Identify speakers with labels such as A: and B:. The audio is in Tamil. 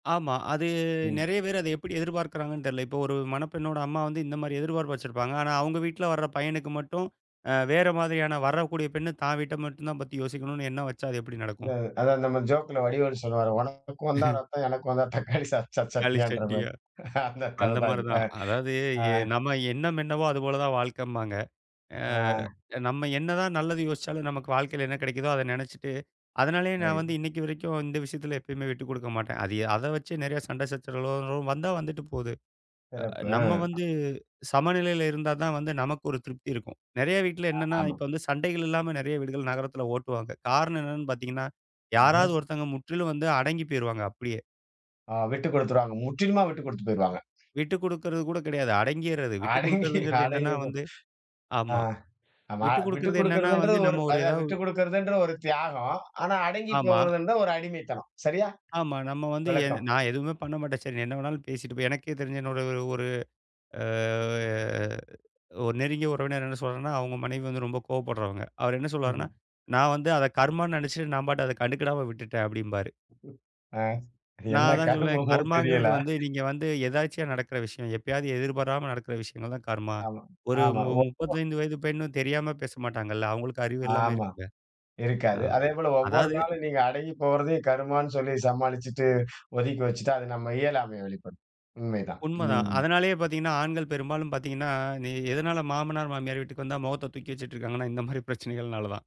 A: ஆமா. அது
B: ம்.
A: நெறைய பேர் அது எப்டி எதிர்பார்க்கிறாங்கனு தெரில. இப்போ ஒரு மணப்பெண்ணோட அம்மா வந்து இந்த மாரி எதிர்பார்ப்பு வச்சுருப்பாங்க. ஆனா, அவங்க வீட்டுல வர்ற பையனுக்கு மட்டும் அ வேற மாதிரியான வரக்கூடிய பெண்ணு தான் வீட்ட மட்டும்தான் பத்தி யோசிக்கணும்னு எண்ணம் வச்சா, அது எப்டி
B: அத
A: நடக்கும்?
B: அதான் நம்ம ஜோக்ல வடிவேல் சொல்லுவாரு, "உனக்கு வந்தா இரத்தம் எனக்கு வந்தா தக்காளி சா
A: தக்காளி
B: சட்னியான்ற" மாரி.
A: சட்னியா,
B: அந்த
A: அந்த
B: கதைதான் இது.
A: மாரிதான். அதாவது
B: அ.
A: எ நம்ம எண்ணம் என்னவோ அதுபோலதான் வாழ்க்கன்பாங்க. அ
B: அ.
A: நம்ம என்னதான் நல்லது யோசிச்சாலும் நமக்கு வாழ்க்கையில் என்ன கிடைக்குதோ அத நெனைச்சுட்டு, அதனாலயே நான் வந்து
B: [unintelligible]
A: இன்னைக்கு வரைக்கும் இந்த விஷயத்தில எப்பயுமே விட்டுக்குடுக்க மாட்டேன். அது அத வச்சு நெறைய சண்டை சச்சரவுகளோ வந்தா வந்துட்டு போது. அ
B: சிறப்பு,
A: நம்ம
B: ம்.
A: வந்து சமநிலையில இருந்தா தான் வந்து நமக்கு ஒரு திருப்தி இருக்கும். நறைய வீட்ல
B: அ,
A: என்னன்னா
B: ஆமா.
A: இப்ப வந்து சண்டைகள் இல்லாம நெறைய வீடுகள் நகரத்தில ஓட்டுவாங்க. காரணம் என்னன்னு பார்த்தீங்கன்னா, யாராவது
B: ம்ஹ்ம்.
A: ஒருத்தங்க முற்றிலும் வந்து அடங்கிப் போயிருவாங்க அப்டியே.
B: ஆ விட்டுக்குடுத்துருவாங்க, முற்றிலுமா விட்டுக்குடுத்து போயிருவாங்க.
A: விட்டுக்குடுக்கிறது கூட கிடையாது. அடங்கிறது.
B: அடங்கி
A: விட்டுக்குடுக்கிறதுங்கிறது என்னன்னா
B: அடங்கி போ
A: வந்து
B: அ,
A: ஆமா.
B: ஆமா
A: விட்டுக்குடுக்கிறது என்னன்னா, வந்து
B: விட்டுக்குடுக்கிறதுன்றது ஒரு
A: நம்ம ஒரு ஏதாவது
B: விட்டுக்குடுக்கிறதுன்றது அது, ஒரு தியாகம். ஆனா,
A: ஆமா.
B: அடங்கிப்போகுறதுன்றது ஒரு அடிமைத்தனம். சரியா?
A: ஆமா, நம்ம வந்து எ
B: விளக்கம்.
A: நான் எதுவுமே பண்ண மாட்டேன். சரி, நீ என்ன வேணாலும் பேசிட்டு போ. எனக்கே தெரிந்த என்னோட ஒரு ஒரு ஆ ஒரு நெருங்கிய உறவினர் என்ன சொல்றாருன்னா அவங்க மனைவி வந்து ரொம்ப கோபப்படுறவங்க. அவர் என்ன சொல்லுவாருன்னா,
B: ம்ஹ்ம்.
A: "நான் வந்து அத கர்மான்னு நெனைச்சுட்டு நான் பாட்டுக்கு அத கண்டுக்கிடாம விட்டுட்டேன்" அப்டிம்பாரு.
B: ஆ
A: நான்
B: என்ன
A: அதான் சொல்வேன்,
B: கருமமோ தெரியல.
A: கர்மாங்கிறது வந்து நீங்க வந்து எதர்ச்சியா நடக்குற விஷயம், எப்பயாவது எதிர்பாராமல் நடக்குற விஷயங்கள்தான் கர்மா.
B: ஆமா,
A: ஒரு
B: ஆமா,
A: மு
B: ஒ ஒ
A: முப்பத்தைந்து வயது பெண் தெரியாம பேச மாட்டாங்கல்ல. அவங்களுக்கு அறிவு எல்லாம்
B: ஆமா,
A: இருக்குல. அ
B: இருக்காது. அதேபோல ஒவ்வொரு
A: அதாவது
B: நாளும் நீங்க அடங்கிப்போகுறதே கருமான்னு சொல்லி சமாளிச்சுட்டு, ஒதுக்கி வச்சுட்டா அது நம்ம இயலாமையை வெளிப்படுத்தும். உண்மைதான்,
A: உண்மதான்.
B: ம்.
A: அதனாலே பார்த்தீங்கன்னா, ஆண்கள் பெரும்பாலும் பார்த்தீங்கன்னா, இத எதுனால மாமனார், மாமியார் வீட்டுக்கு வந்தா முகத்த தூக்கி வச்சிட்டு இருக்காங்கன்னா, இந்த மாரி பிரச்சனைகள் நாலாதான்.